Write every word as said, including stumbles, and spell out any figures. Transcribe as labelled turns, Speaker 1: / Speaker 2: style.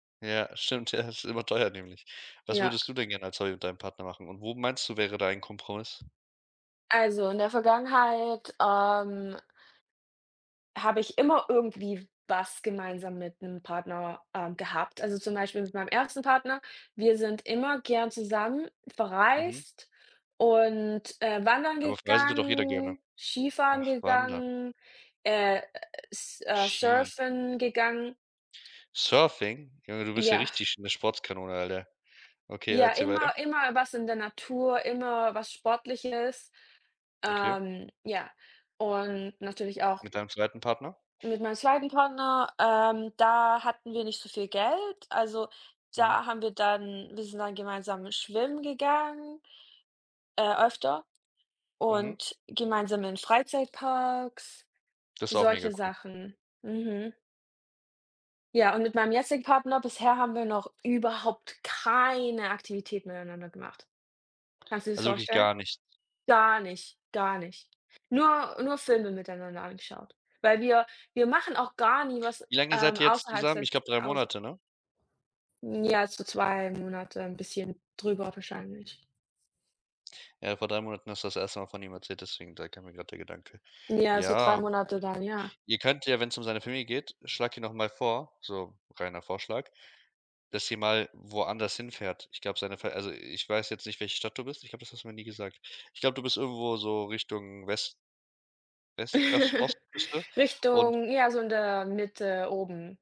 Speaker 1: Ja, stimmt, ja es ist überteuert nämlich. Was
Speaker 2: Ja.
Speaker 1: würdest du denn gerne als Hobby mit deinem Partner machen und wo meinst du, wäre da ein Kompromiss?
Speaker 2: Also, in der Vergangenheit, ähm habe ich immer irgendwie was gemeinsam mit 'nem Partner, äh, gehabt. Also, zum Beispiel mit meinem ersten Partner, wir sind immer gern zusammen
Speaker 1: Mhm.
Speaker 2: verreist und, äh, wandern
Speaker 1: Aber auf Reisen tut doch jeder gerne.
Speaker 2: gegangen, Skifahren
Speaker 1: Ach, Wandern.
Speaker 2: gegangen, äh S äh,
Speaker 1: Ski.
Speaker 2: Surfen gegangen.
Speaker 1: Surfing? Junge, du bist ja
Speaker 2: Ja.
Speaker 1: richtig 'ne Sportskanone, Alter. Okay,
Speaker 2: Ja,
Speaker 1: erzähle weiter.
Speaker 2: immer immer was in der Natur, immer was Sportliches.
Speaker 1: Okay.
Speaker 2: Ähm, ja, und natürlich auch
Speaker 1: Mit deinem zweiten Partner?
Speaker 2: Mit meinem zweiten Partner, ähm, da hatten wir nicht so viel Geld. Also,
Speaker 1: Mhm.
Speaker 2: da haben wir dann wir sind dann gemeinsam schwimmen gegangen äh, öfter
Speaker 1: Mhm.
Speaker 2: und gemeinsam in Freizeitparks,
Speaker 1: Das ist auch mega
Speaker 2: solche
Speaker 1: cool.
Speaker 2: Sachen. Mhm. Ja, und mit meinem jetzigen Partner bisher haben wir noch überhaupt keine Aktivitäten miteinander gemacht. Kannst du dir das
Speaker 1: Also, wirklich
Speaker 2: vorstellen?
Speaker 1: gar nicht.
Speaker 2: Gar nicht, gar nicht. Nur nur Filme miteinander angeschaut. Weil wir wir machen auch gar nie was,
Speaker 1: Wie lange seid
Speaker 2: ähm,
Speaker 1: ihr jetzt
Speaker 2: außerhalb
Speaker 1: zusammen? Ich
Speaker 2: des
Speaker 1: glaube drei
Speaker 2: Hauses.
Speaker 1: Monate, ne?
Speaker 2: Ja, so zwei Monate bisschen drüber wahrscheinlich.
Speaker 1: Ja, vor drei Monaten hast du das erste Mal von ihm erzählt, deswegen da kam mir grad der Gedanke.
Speaker 2: Ja, so drei
Speaker 1: Ja,
Speaker 2: Monate dann, ja.
Speaker 1: ihr könnt ja, wenn's um seine Familie geht, schlage ihn doch mal vor so reiner Vorschlag, dass sie mal woanders hinfährt. Ich glaube, seine also, ich weiß jetzt nicht, welche Stadt du bist, ich glaube, das hast du mir nie gesagt. Ich glaube, du bist irgendwo so Richtung West West Os Ostküste und
Speaker 2: Richtung ja, so in der Mitte oben.